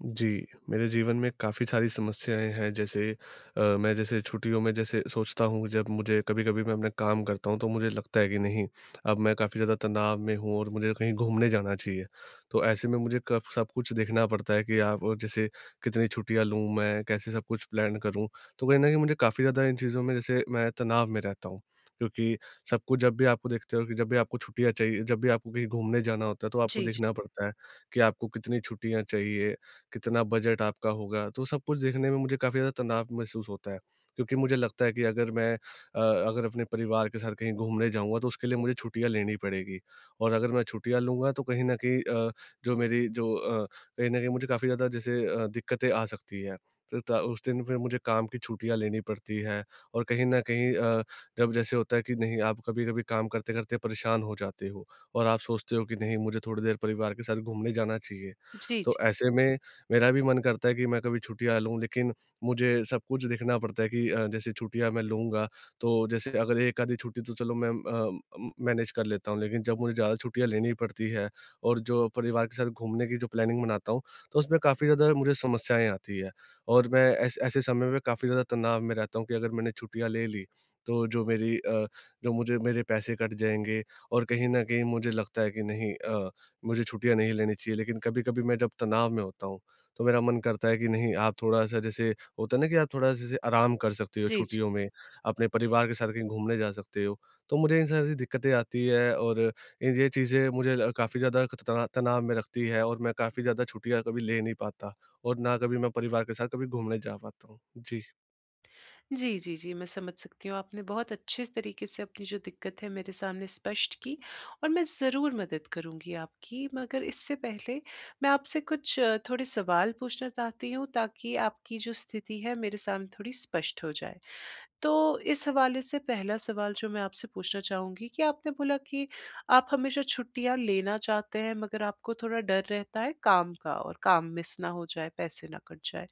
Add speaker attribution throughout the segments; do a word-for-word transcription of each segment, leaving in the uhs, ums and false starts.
Speaker 1: जी, मेरे जीवन में काफ़ी सारी समस्याएँ हैं, जैसे अ, मैं जैसे छुट्टियों में जैसे सोचता हूँ जब मुझे कभी-कभी मैं अपना काम करता हूँ तो मुझे लगता है कि नहीं अब मैं काफ़ी ज़्यादा तनाव में हूँ और मुझे कहीं घूमने जाना चाहिए। तो ऐसे में मुझे कफ सब कुछ देखना पड़ता है कि आ ब जैसे कितनी छुट्टियाँ लूँ मैं? कैसे सब कुछ प्लान करूँ? तो कहीं न कहीं मुझे काफ़ी ज़्यादा इन चीज़ों में जैसे मैं तनाव में रहता हूँ, क्योंकि सब कुछ जब भी आपको देखते हो कि, जब भी आपको छुट्टियाँ चाहिए जब भी आपको कहीं घूमने जाना होता है तो आपको
Speaker 2: जी, जी।
Speaker 1: देखना पड़ता है कि आपको कितनी छुट्टियाँ चाहिए, कितना बजट आपका होगा? तो सब कुछ देखने में मुझे काफ़ी ज़्यादा तनाव महसूस होता है। क्योंकि मुझे लगता है कि अगर मैं अ, अगर अपने परिवार के साथ कहीं घूमने जाऊँगा तो उसके लिए मुझे छुट्टियाँ लेनी पड़ेगी। और अगर मैं छुट्टियाँ लूँगा तो कहीं न कहीं अ, जो मेरी जो अ, कहीं न कहीं मुझे काफ़ी जैसे अ, ज़्यादा दिक्कतें आ सकती है। त ता उस दिन फिर मुझे काम की छुट्टियाँ लेनी पड़ती है और कहीं न कहीं अ, जब जैसे होता है कि नहीं आप कभी-कभी काम करते-करते परेशान हो जाते हो और आप सोचते हो कि नहीं मुझे थोड़ी देर परिवार के साथ घूमने जाना चाहिए।
Speaker 2: जी,
Speaker 1: तो
Speaker 2: जी।
Speaker 1: ऐसे में मेरा भी मन करता है कि मैं कभी छुट्टियाँ लूँ, लेकिन मुझे सब कुछ देखना पड़ता है कि अ, जैसे छुट्टियाँ मैं लूँगा तो जैसे अगर एक आधी छुट्टी तो चलो मैं म अ उम, मैनेज कर लेता हूँ लेकिन जब मुझे ज्यादा छुट्टियाँ लेनी पड़ती है और जो परिवार के साथ घूमने की जो प्लानिंग बनाता हूँ तो उसमें काफ़ी ज़्यादा मुझे समस्याएँ आती हैं। और मैं ऐ ऐसे समय में काफ़ी ज़्यादा तनाव में रहता हूँ कि अगर मैंने छुट्टियाँ ले ली तो जो मेरी अ, जो मुझे मेरे पैसे कट जाएँगे और कहीं न कहीं मुझे लगता है कि नहीं अ, मुझे छुट्टियाँ नहीं लेनी चाहिए, लेकिन कभी-कभी मैं जब तनाव में होता हूँ, तो मेरा मन करता है कि नहीं आप थोड़ा-सा जैसे होता है ना कि आप थोड़ा-सा जैसे आराम कर सकते हो
Speaker 2: जी, जी।
Speaker 1: छुट्टियों में। अपने परिवार के साथ कहीं घूमने जा सकते हो, तो मुझे इस तरह से दिक्कतें आती हैं और ये चीज़ें मुझे काफ़ी ज़्यादा एक त तनाव में रखती है और मैं काफ़ी ज़्यादा छुट्टियाँ कभी ले नहीं पाता और ना कभी मैं परिवार के साथ कभी घूमने जा पाता हूँ, जी।
Speaker 2: जी, जी, जी मैं समझ सकती हूँ आपने बहुत अच्छे तरीके से अपनी जो दिक्कत है मेरे सामने स्पष्ट की, और मैं ज़रूर मदद करूँगी आपकी, मगर इससे पहले मैं आपसे कुछ थोड़े सवाल पूछना चाहती हूँ ताकि आपकी जो स्थिति है, मेरे सामने थोड़ी स्पष्ट हो जाए। तो इस हवाले से पहला सवाल जो मैं आपसे पूछना चाहूँगी कि, आपने बोला कि आप हमेशा छुट्टियाँ लेना चाहते हैं, मगर आपको थोड़ा डर रहता है काम का और काम मिस ना हो जाए, पैसे ना कट जाए,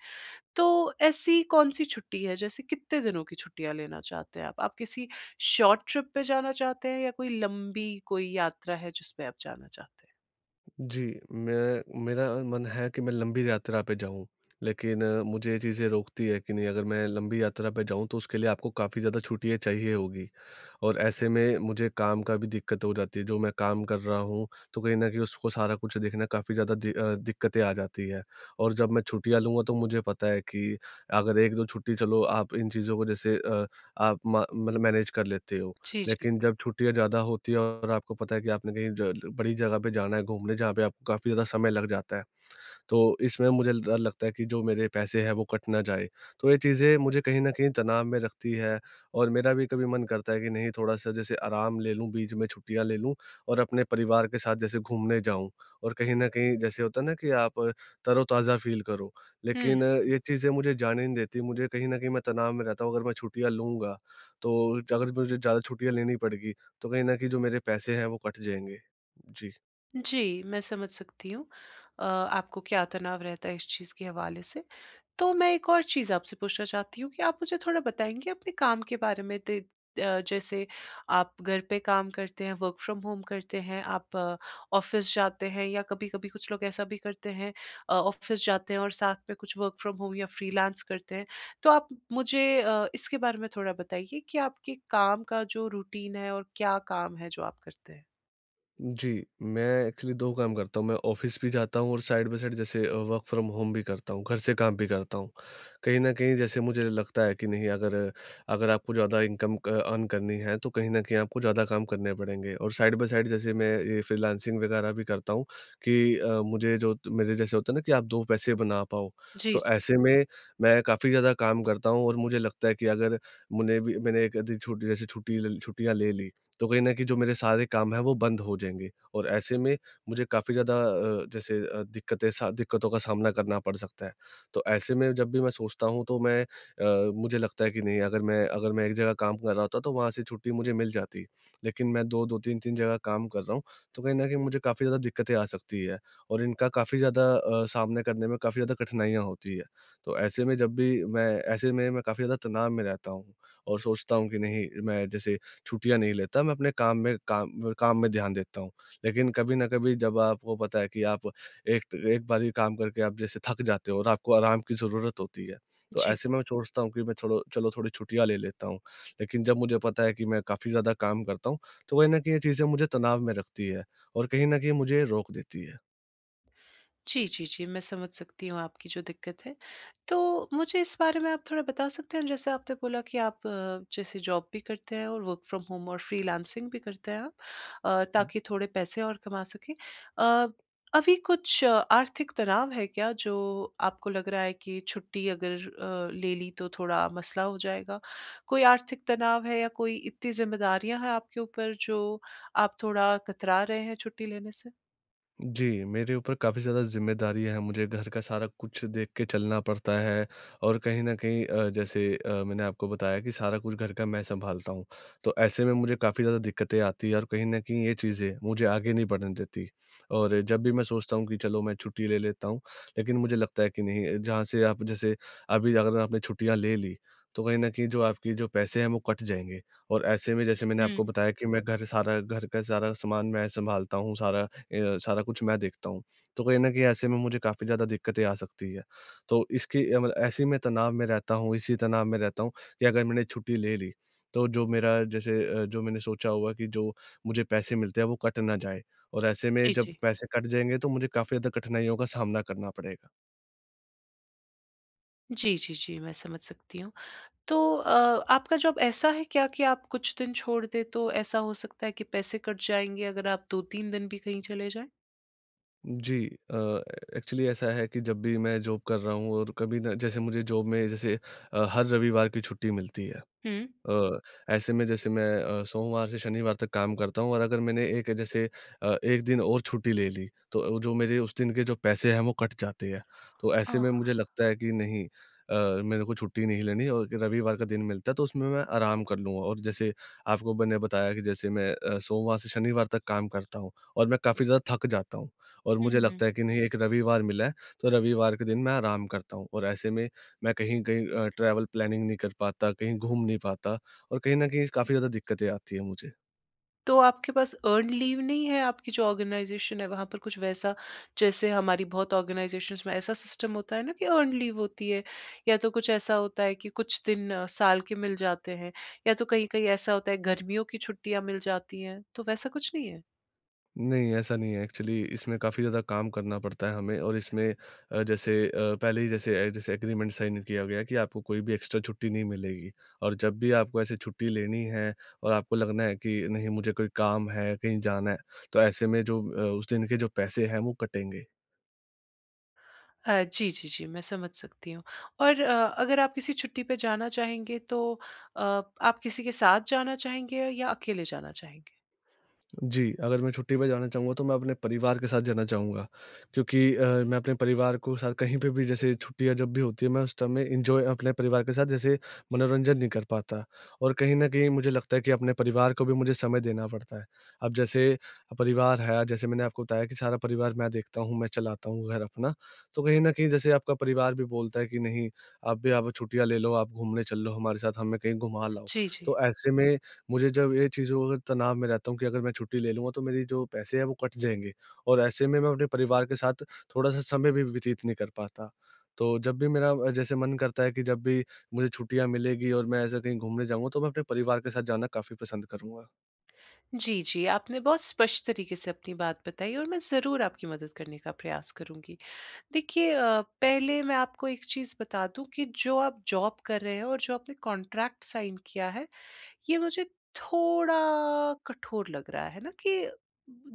Speaker 2: तो ऐसी कौन-सी छुट्टी है जैसे कितने दिनों की छुट्टियाँ लेना चाहते हैं आप? आप किसी शॉर्ट ट्रिप पे जाना चाहते हैं या कोई लंबी कोई यात्रा है जिसपे आप जाना चाहते हैं?
Speaker 1: जी, मैं मेरा मन है कि मैं लंबी यात्रा पे जाऊँ लेकिन मुझे ये चीज़ें रोकती है कि नहीं अगर मैं लंबी यात्रा पे जाऊँ तो उसके लिए आपको काफ़ी ज़्यादा छुट्टियाँ चाहिए होगी। और ऐसे में मुझे काम का भी दिक्कत हो जाती है, जो मैं काम कर रहा हूँ तो कहीं न कहीं उसको सारा कुछ देखना काफ़ी ज्यादा दि अ, दिक्कतें आ जाती हैं। और जब मैं छुट्टियाँ लूँगा तो मुझे पता है कि अगर एक दो छुट्टी चलो आप इन चीजों को जैसे अ, आप मा मतलब मैनेज कर लेते हो,
Speaker 2: जी, जी।
Speaker 1: लेकिन जब छुट्टियाँ ज्यादा होती हैं और आपको पता है कि आपने कहीं ज बड़ी जगह पे जाना है घूमने जहाँ पे आपको काफ़ी ज्यादा समय लग जाता है। तो इसमें मुझे डर लगता है कि जो मेरे पैसे हैं वो कट ना जाए, तो ये चीज़ें मुझे कहीं न कहीं तनाव में रखती है और मेरा भी कभी मन करता है कि नहीं थोड़ा-सा जैसे आराम ले लूँ, बीच में छुट्टियाँ ले लूँ और अपने परिवार के साथ जैसे घूमने जाऊँ और कहीं न कहीं जैसे होता है ना कि आप तरोताज़ा फील करो,
Speaker 2: हुँ,
Speaker 1: लेकिन ये
Speaker 2: हुँ।
Speaker 1: चीज़ें मुझे जाने नहीं देती। मुझे कहीं न कहीं मैं तनाव में रहता हूँ अगर मैं छुट्टियाँ लूँगा तो अगर मुझे ज्यादा छुट्टियाँ लेनी पड़ेगी, तो कहीं न कहीं जो मेरे पैसे हैं वो कट जाएँगे। जी।
Speaker 2: जी, मैं समझ सकती हूँ। अ, आपको क्या तनाव रहता है इस चीज़ के हवाले से। तो मैं एक और चीज़ आपसे पूछना चाहती हूँ कि आप मुझे थोड़ा बताएँगे अपने काम के बारे में ते अ, जैसे आप घर पे काम करते हैं, वर्क़ फ़्रॉम होम करते हैं, आप ऑफ़िस जाते हैं या कभी-कभी कुछ लोग ऐसा भी करते हैं अ, ऑफ़िस जाते हैं और साथ में कुछ वर्क़ फ़्रॉम होम या फ्रीलांस करते हैं। तो आप मुझे अ, इसके बारे में थोड़ा बताइए कि आपके काम का जो रूटीन है और क्या काम है जो आप करते हैं?
Speaker 1: जी, मैं एक्चुअली दो काम करता हूँ मैं ऑफ़िस भी जाता हूँ और साइड बाई साइड जैसे अ, वर्क़ फ़्रॉम होम भी करता हूँ, घर से काम भी करता हूँ। कहीं न कहीं जैसे मुझे लगता है कि नहीं, अगर अगर आपको ज़्यादा इनकम क अर्न करनी है तो कहीं न कहीं आपको ज़्यादा काम करने पड़ेंगे और साइड बाई साइड जैसे मैं ये फ़्रीलान्सिंग वगैरह भी करता हूँ, कि अ, मुझे जो मेरे जैसे होता है ना कि आप दो पैसे बना पाओ,
Speaker 2: जी।
Speaker 1: तो ऐसे में, मैं काफ़ी ज़्यादा काम करता हूँ और मुझे लगता है कि अगर मुझे भी मैंने एक आध दिन छुट्टी जैसे ल छुट्टियाँ ले ली, तो कहीं न कहीं जो मेरे सारे काम है वो बंद हो जाएँगे। और ऐसे में मुझे काफ़ी ज़्यादा अ, जैसे अ, दिक्कतें सा दिक्कतों का सामना करना पड़ सकता है। तो ऐसे में जब भी मैं सोचता हूँ तो मैं अ, मुझे लगता है कि नहीं अगर मैं अगर मैं एक जगह काम कर रहा होता, तो वहाँ से छुट्टी मुझे मिल जाती। लेकिन मैं दो दो तीन तीन जगह काम कर रहा हूँ, तो कहीं न कहीं मुझे काफ़ी ज़्यादा दिक्कतें आ सकती है, और इनका काफ़ी ज़्यादा अ, सामना करने में काफ़ी ज़्यादा कठिनाइयाँ होती है। तो ऐसे में जब भी मैं ऐसे में, मैं काफ़ी ज़्यादा तनाव में रहता हूँ और सोचता हूँ कि नहीं मैं जैसे छुट्टियाँ नहीं लेता मैं अपने काम में काम काम में ध्यान देता हूँ। लेकिन कभी न कभी जब आपको पता है कि आप एक एक बारी काम करके आप जैसे थक जाते हो और आपको आराम की ज़रूरत होती है, तो
Speaker 2: जी।
Speaker 1: ऐसे में मैं चोचता हूँ कि मैं चलो चलो थोड़ी छुट्टियाँ ले लेता हूँ। लेकिन जब मुझे पता है कि मैं काफ़ी ज़्यादा काम करता हूँ, तो वही ना कि ये चीज़ें मुझे तनाव में रखती है और कहीं न कहीं मुझे रोक देती है।
Speaker 2: जी, जी, जी। मैं समझ सकती हूँ आपकी जो दिक्कत है, तो मुझे इस बारे में आप थोड़ा बता सकते हैं जैसे आपने बोला कि आप अ, जैसे जॉब भी करते हैं और वर्क़ फ्रॉम होम और फ्रीलांसिंग भी करते हैं अ, ताकि थोड़े पैसे और कमा सकें। अ, अभी कुछ आर्थिक तनाव है क्या जो आपको लग रहा है कि छुट्टी अगर अ, ले ली तो थोड़ा मसला हो जाएगा, कोई आर्थिक तनाव है या कोई इतनी ज़िम्मेदारियाँ हैं आपके ऊपर जो आप थोड़ा कतरा रहे हैं छुट्टी लेने से?
Speaker 1: जी, मेरे ऊपर काफ़ी ज़्यादा ज़िम्मेदारी है मुझे घर का सारा कुछ देख के चलना पड़ता है। और कहीं न कहीं अ, जैसे अ, मैंने आपको बताया कि सारा कुछ घर का मैं सँभालता हूँ, तो ऐसे में मुझे काफ़ी ज़्यादा दिक्कतें आती हैं और कहीं न कहीं ये चीज़ें मुझे आगे नहीं बढ़ने देती। और जब भी मैं सोचता हूँ कि चलो मैं छुट्टी ले लेता हूँ, लेकिन मुझे लगता है कि नहीं जहाँ से आप जैसे अभी अगर आपने छुट्टियाँ ले ली, तो कहीं न कहीं जो आपके जो पैसे हैं वो कट जाएँगे और ऐसे में जैसे मैंने
Speaker 2: हुँ।
Speaker 1: आपको बताया कि मैं घर सारा घर का सारा सामान मैं सँभालता हूँ सारा अ, सारा कुछ मैं देखता हूँ। तो कहीं न कहीं ऐसे में मुझे काफ़ी ज़्यादा दिक्कतें आ सकती है, तो इसकी अ, मतलब ऐसे में तनाव में रहता हूँ इसी तनाव में रहता हूँ कि अगर मैंने छुट्टी ले ली, तो जो मेरा जैसे अ, जो मैंने सोचा होगा कि जो मुझे पैसे मिलते हैं वो कट ना जाए। और ऐसे में
Speaker 2: जी,
Speaker 1: जब
Speaker 2: जी।
Speaker 1: पैसे कट जाएँगे तो मुझे काफ़ी ज़्यादा कठिनाइयों का सामना करना पड़ेगा।
Speaker 2: जी, जी, जी, मैं समझ सकती हूँ। तो अ, आपका जॉब ऐसा है क्या कि आप कुछ दिन छोड़ दें, तो ऐसा हो सकता है कि पैसे कट जाएँगे, अगर आप दो तीन दिन भी कहीं चले जाएँ?
Speaker 1: जी, अ, एक्चुअली ऐसा है कि जब भी मैं जॉब कर रहा हूँ और कभी ना, जैसे मुझे जॉब में जैसे अ, हर रविवार की छुट्टी मिलती है।
Speaker 2: हुँ।
Speaker 1: अ, ऐसे में, जैसे मैं अ, सोमवार से शनिवार तक काम करता हूँ और अगर मैंने एक जैसे अ, एक दिन और छुट्टी ले ली, तो जो मेरे उस दिन के जो पैसे हैं, वो कट जाते हैं। तो ऐसे
Speaker 2: अह।
Speaker 1: में मुझे लगता है कि, "नहीं अ, मेरे को छुट्टी नहीं लेनी और रविवार का दिन मिलता है, तो उसमें मैं आराम कर लूँगा।" और जैसे आपको मैंने बताया कि जैसे मैं अ, सोमवार से शनिवार तक काम करता हूँ और मैं काफ़ी ज़्यादा थक जाता हूँ और
Speaker 2: हुँ,
Speaker 1: मुझे
Speaker 2: हुँ।
Speaker 1: लगता है कि, "नहीं, एक रविवार मिला है, तो रविवार के दिन मैं आराम करता हूँ।" और ऐसे में, मैं कहीं-कहीं अ, ट्रैवल प्लानिंग नहीं कर पाता, कहीं घूम नहीं पाता और कहीं न कहीं काफ़ी ज़्यादा दिक्कतें आती हैं मुझे।
Speaker 2: तो आपके पास अर्न्ड लीव नहीं है? आपकी जो ऑर्गनाइज़ेशन है, वहाँ पर कुछ वैसा, जैसे हमारी बहुत ऑर्गनाइज़ेशन्स में ऐसा सिस्टम होता है ना कि अर्न्ड लीव होती है, या तो कुछ ऐसा होता है कि कुछ दिन साल के मिल जाते हैं, या तो कहीं-कहीं ऐसा होता है, गर्मियों की छुट्टियाँ मिल जाती हैं। तो वैसा कुछ नहीं है?
Speaker 1: नहीं, ऐसा नहीं है, एक्चुअली इसमें काफ़ी ज़्यादा काम करना पड़ता है हमें और इसमें अ, जैसे अ, पहले ही जैसे अ, जैसे एग्रीमेंट साइन किया गया कि आपको कोई भी एक्स्ट्रा छुट्टी नहीं मिलेगी, और जब भी आपको ऐसे छुट्टी लेनी है, और आपको लगना है कि नहीं, मुझे कोई काम है, कहीं जाना है, तो ऐसे में जो अ, उस दिन के जो पैसे हैं, वो कटेंगे।
Speaker 2: अ, जी, जी, जी, मैं समझ सकती हूँ और अ, अगर आप किसी छुट्टी पे जाना चाहेंगे तो अ, आप किसी के साथ जाना चाहेंगे या अकेले जाना चाहेंगे?
Speaker 1: जी, अगर मैं छुट्टी पे जाना चाहूँगा, तो मैं अपने परिवार के साथ जाना चाहूँगा क्योंकि अ, मैं अपने परिवार को साथ कहीं पे भी जैसे छुट्टियाँ जब भी होती हैं, मैं उस टाइम में एन्जॉय अपने परिवार के साथ जैसे मनोरंजन नहीं कर पाता। और कहीं न कहीं मुझे लगता है कि, अपने परिवार को भी मुझे समय देना पड़ता है। अब जैसे अ, परिवार है, जैसे मैंने आपको बताया कि सारा परिवार मैं देखता हूँ, मैं चलाता हूँ घर अपना, तो कहीं न कहीं जैसे आपका परिवार भी बोलता है कि, "नहीं, आप भी अब छुट्टियाँ ले लो। आप घूमने चल लो हमारे साथ, हमें कहीं घुमा लाओ।"
Speaker 2: जी, जी।
Speaker 1: तो ऐसे में मुझे जब ये चीज़ों को अ, तनाव में रहता हूँ कि अगर मैं छुट्टी ले लूँगा, तो मेरे जो पैसे हैं वो कट जाएँगे, और ऐसे में मैं अपने परिवार के साथ थोड़ा-सा समय भी व्यतीत नहीं कर पाता। तो जब भी मेरा अ, जैसे मन करता है कि जब भी मुझे छुट्टियाँ मिलेंगी और मैं ऐसे कहीं घूमने जाऊँगा, तो मैं अपने परिवार के साथ जाना काफ़ी पसंद करूँगा।
Speaker 2: जी, जी। आपने बहुत स्पष्ट तरीके से अपनी बात बताई और मैं ज़रूर आपकी मदद करने का प्रयास करूँगी। देखिए अ, पहले मैं आपको एक चीज़ बता दूँ कि जो आप जॉब कर रहे हैं और जो आपने कॉन्ट्रैक्ट साइन किया है, ये मुझे थोड़ा कठोर लग रहा, है ना? कि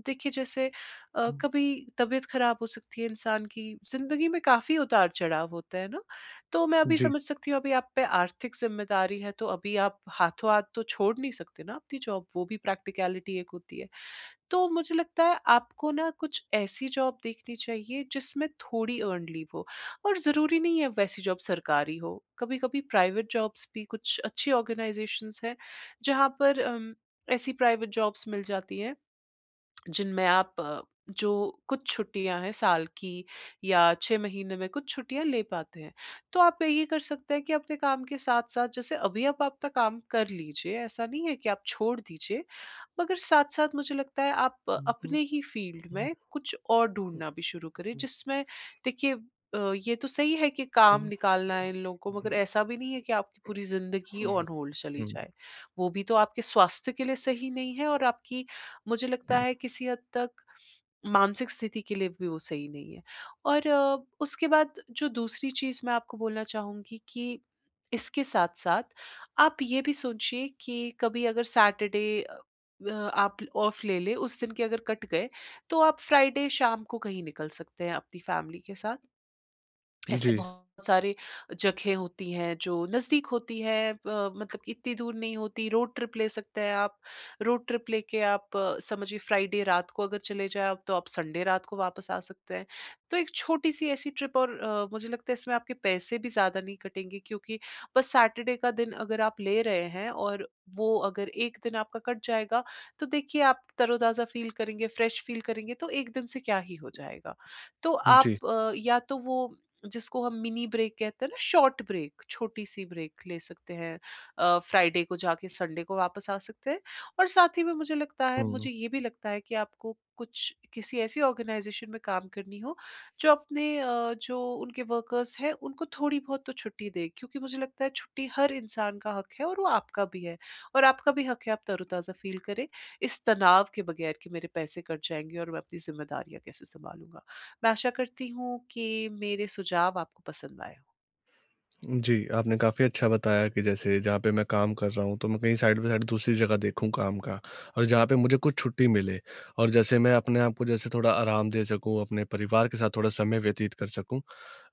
Speaker 2: देखिए जैसे अ,
Speaker 1: हुँ।
Speaker 2: कभी तबीयत खराब हो सकती है इंसान की, ज़िंदगी में काफ़ी उतार-चढ़ाव होता है ना। तो मैं अभी
Speaker 1: जी।
Speaker 2: समझ सकती हूँ अभी आप पे आर्थिक जिम्मेदारी है तो अभी आप हाथों-हाथ तो छोड़ नहीं सकते ना आपकी जॉब, वो भी प्रक्टिकैलिटी एक होती है। तो मुझे लगता है आपको ना कुछ ऐसी जॉब देखनी चाहिए जिसमें थोड़ी अर्न्ड लीव हो और ज़रूरी नहीं है वैसी जॉब सरकारी हो। कभी-कभी प्राइवेट जॉब्स भी कुछ अच्छी आर्गेनाइजेशंस हैं जहाँ पर उम, ऐसी प्राइवेट जॉब्स मिल जाती हैं, जिनमें आप जो कुछ छुट्टियाँ हैं साल की या छह महीने में कुछ छुट्टियाँ ले पाते हैं। तो आप ये कर सकते हैं कि अपने काम के साथ-साथ जैसे अभी आप आपका काम कर लीजिए, ऐसा नहीं है कि आप छोड़ दीजिए। मगर साथ-साथ मुझे लगता है आप अपने ही फ़ील्ड में कुछ और ढूँढना भी शुरू करें जिसमें देखिए अ, ये तो सही है कि काम निकालना है इन लोगों को मगर ऐसा भी नहीं है कि आपकी पूरी ज़िंदगी
Speaker 1: हुँ, हुँ।
Speaker 2: ऑन होल्ड चली
Speaker 1: हुँ।
Speaker 2: जाए। वो भी तो आपके स्वास्थ्य के लिए सही नहीं है और आपकी मुझे लगता
Speaker 1: हुँ।
Speaker 2: है किसी हद तक मानसिक स्थिति के लिए भी वो सही नहीं है। और उसके बाद जो दूसरी चीज़ मैं आपको बोलना चाहूँगी कि इसके साथ-साथ आप ये भी सोचिए कि कभी अगर सैटरडे अ, व आप ऑफ़ ले लें, उस दिन के अगर कट गए तो आप फ्राइडे शाम को कहीं निकल सकते हैं अपनी फ़ैमिली के साथ। ऐसे
Speaker 1: जी।
Speaker 2: बहुत सारे जगह होती हैं जो नजदीक होती है अ, मतलब इत्ती दूर नहीं होती, रोड ट्रिप ले सकते हैं आप। रोड ट्रिप लेके आप समझिए फ्राइडे रात को अगर चले जाए आप तो आप संडे रात को वापस आ सकते हैं। तो एक छोटी-सी ऐसी ट्रिप और अ, मुझे लगता है इसमें आपके पैसे भी ज़्यादा नहीं कटेंगे क्योंकि बस सैटरडे का दिन अगर आप ले रहे हैं और वो अगर एक दिन आपका कट जाएगा तो देखिए आप तरोताज़ा फ़ील करेंगे, फ़्रेश फ़ील करेंगे, तो एक दिन से क्या ही हो जाएगा? तो
Speaker 1: जी।
Speaker 2: आप या तो वो जिसको हम मिनी ब्रेक कहते हैं ना, शॉर्ट ब्रेक, छोटी-सी ब्रेक ले सकते हैं। अ, फ्राइडे को जाके संडे को वापस आ सकते हैं और साथ ही में मुझे लगता है
Speaker 1: हुँ।
Speaker 2: मुझे ये भी लगता है कि आपको कुछ किसी ऐसी आर्गेनाइज़ेशन में काम करनी हो जो अपने अ, जो उनके वर्कर्स हैं उनको थोड़ी-बहुत तो छुट्टी दे क्योंकि मुझे लगता है छुट्टी हर इंसान का हक है और वो आपका भी है। और आपका भी हक है आप तरोताज़ा फ़ील करें, इस तनाव के बगैर कि मेरे पैसे कट जाएँगे और मैं अपनी जिम्मेदारियाँ कैसे सँभालूँगा। मैं आशा करती हूँ कि मेरे सुझाव आपको पसंद आए हों।
Speaker 1: जी, आपने काफ़ी अच्छा बताया कि जैसे जहाँ पे मैं काम कर रहा हूँ तो मैं कहीं साइड बाय साइड दूसरी जगह देखूँ काम का, और जहाँ पे मुझे कुछ छुट्टी मिले। और जैसे मैं अपने आप को जैसे थोड़ा आराम दे सकूँ, अपने परिवार के साथ थोड़ा समय व्यतीत कर सकूँ।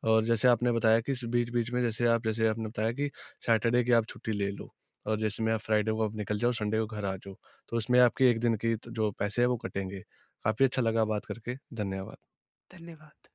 Speaker 1: और जैसे आपने बताया कि इस बीच-बीच में जैसे आप जैसे आपने बताया कि सैटरडे की आप छुट्टी ले लो और जिसमें आप फ्राइडे को आप निकल जाओ, संडे को घर आ जाओ। तो उसमें आपके एक दिन की त जो पैसे हैं वो कटेंगे। काफ़ी अच्छा लगा बात करके। धन्यवाद।
Speaker 2: धन्यवाद।